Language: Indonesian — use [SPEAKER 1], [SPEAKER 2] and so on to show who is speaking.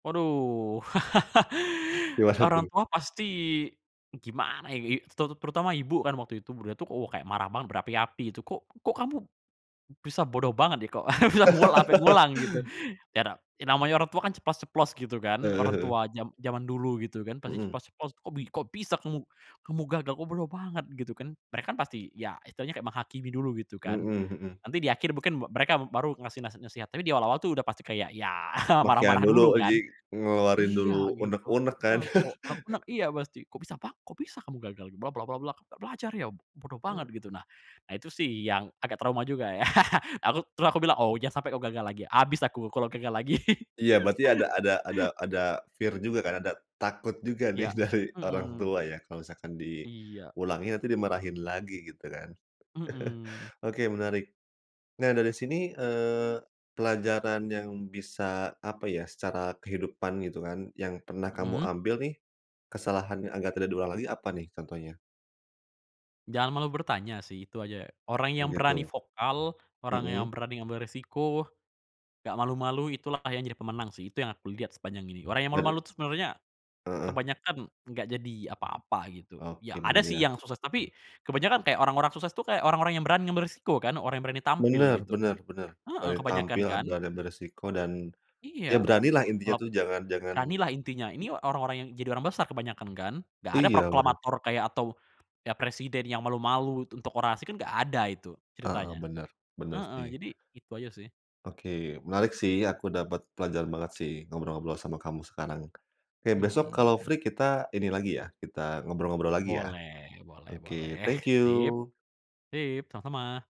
[SPEAKER 1] Waduh!
[SPEAKER 2] Dewasa
[SPEAKER 1] Orang
[SPEAKER 2] tuh.
[SPEAKER 1] tua pasti gimana ini? Terut terutama ibu kan waktu itu, buda tuh oh, kayak marah-mar berapi-api itu. "Kok kok kamu bisa bodoh banget nih kok" "bisa nguwol ampe ngulang?" gitu. Yato ya namanya orang tua kan ceplas-ceplos gitu kan.
[SPEAKER 2] Heeh
[SPEAKER 1] Orang
[SPEAKER 2] heeh.
[SPEAKER 1] tua jam jaman dulu gitu kan. Pasti
[SPEAKER 2] Mhm.
[SPEAKER 1] ceplos-ceplos. "Kok bi kok bisa kamu, kamu gagal, kok bodoh banget?" gitu kan. Mereka kan pasti ya istilahnya kayak menghakimi dulu gitu kan.
[SPEAKER 2] Mhm mhm.
[SPEAKER 1] Nanti di akhir mungkin me mereka baru ngasih nasi nasihat. Tapi di awal-awal tuh udah pasti kayak ya,
[SPEAKER 2] Makian
[SPEAKER 1] marah-marah
[SPEAKER 2] dulu,
[SPEAKER 1] dulu
[SPEAKER 2] oh
[SPEAKER 1] kan.
[SPEAKER 2] jadi, ngeluarin dulu
[SPEAKER 1] Iya gitu,
[SPEAKER 2] uneg-uneg kan?
[SPEAKER 1] eee, kok rek nek iya pasti, "Kok bisa pak kok bisa kamu gagal bla bla bla, nggak belajar ya! B bodoh banget."
[SPEAKER 2] Eee.
[SPEAKER 1] Gitu. Nah, ah itu sih yang agak trauma juga ya. Aku terus aku bilang, "Oh jangan sampe kau gagal lagi ya," abis aku kalau gagal lagi.
[SPEAKER 2] Iya berarti ada ada ada ada fear juga kan, ada takut juga nih
[SPEAKER 1] Iya,
[SPEAKER 2] dari orang
[SPEAKER 1] mhm.
[SPEAKER 2] tua ya kalo misalkan di
[SPEAKER 1] Iya.
[SPEAKER 2] pulangnya, nanti dimarahin lagi gitu kan.
[SPEAKER 1] Mhm.
[SPEAKER 2] Oke menarik! Nah dari sini, eee, pelajaran yang bisa, apa ya, secara kehidupan gitu kan, yang pernah kamu
[SPEAKER 1] Mhm.
[SPEAKER 2] ambil nih, kesalahan yang agar tidak diulang lagi apa nih contohnya?
[SPEAKER 1] Jangan malu bertanya sih, itu aja. Orang
[SPEAKER 2] Oh,
[SPEAKER 1] yang berani
[SPEAKER 2] gitu.
[SPEAKER 1] vokal, orang yang
[SPEAKER 2] Mmm.
[SPEAKER 1] berani ngambil resiko, nggak malu-malu, itulah kayaknya yang jadi pemenang sih. Itu yang aku lihat sepanjang ini. Orang yang
[SPEAKER 2] Got
[SPEAKER 1] malu-malu
[SPEAKER 2] it.
[SPEAKER 1] tuh sebenarnya
[SPEAKER 2] Heeh.
[SPEAKER 1] kebanyakan nggak jadi apa-apa, gitu. Ya
[SPEAKER 2] Oke,
[SPEAKER 1] ada
[SPEAKER 2] bener
[SPEAKER 1] sih
[SPEAKER 2] ya.
[SPEAKER 1] yang sukses, tapi kebanyakan kayak orang-orang sukses itu kayak orang-orang yang berani ngambil resiko kan, orang yang berani tampil
[SPEAKER 2] Bener
[SPEAKER 1] gitu.
[SPEAKER 2] bener bener.
[SPEAKER 1] Heeh
[SPEAKER 2] Berani
[SPEAKER 1] kebanyakan
[SPEAKER 2] tampil, eee,
[SPEAKER 1] kan?
[SPEAKER 2] berani ambil resiko dan,
[SPEAKER 1] Iya,
[SPEAKER 2] iya beranilah, intinya
[SPEAKER 1] kalau p
[SPEAKER 2] tuh jangan jangan
[SPEAKER 1] beranilah intinya. Ini
[SPEAKER 2] m
[SPEAKER 1] orang-orang yang jadi orang besar kebanyakan kan? Nggak ada
[SPEAKER 2] iya bener.
[SPEAKER 1] proklamator kayak atau, ya presiden ya malu-malu tuk untuk orasi kan nggak ada itu
[SPEAKER 2] Heeh
[SPEAKER 1] ceritanya.
[SPEAKER 2] bener, bener
[SPEAKER 1] Heeh
[SPEAKER 2] sih.
[SPEAKER 1] jadi, itu aja sih.
[SPEAKER 2] Oke, menarik sih. Aku dapet pelajaran banget sih ngobrol-ngobrol sama kamu sekarang, oke
[SPEAKER 1] Mhm
[SPEAKER 2] besok kalau
[SPEAKER 1] mhm.
[SPEAKER 2] free kita ini lagi ya kita ngobrol-ngobrol lagi ya?
[SPEAKER 1] Boleh, boleh
[SPEAKER 2] Oke
[SPEAKER 1] boleh.
[SPEAKER 2] thank
[SPEAKER 1] Sip.
[SPEAKER 2] you!
[SPEAKER 1] Sip sama-sama!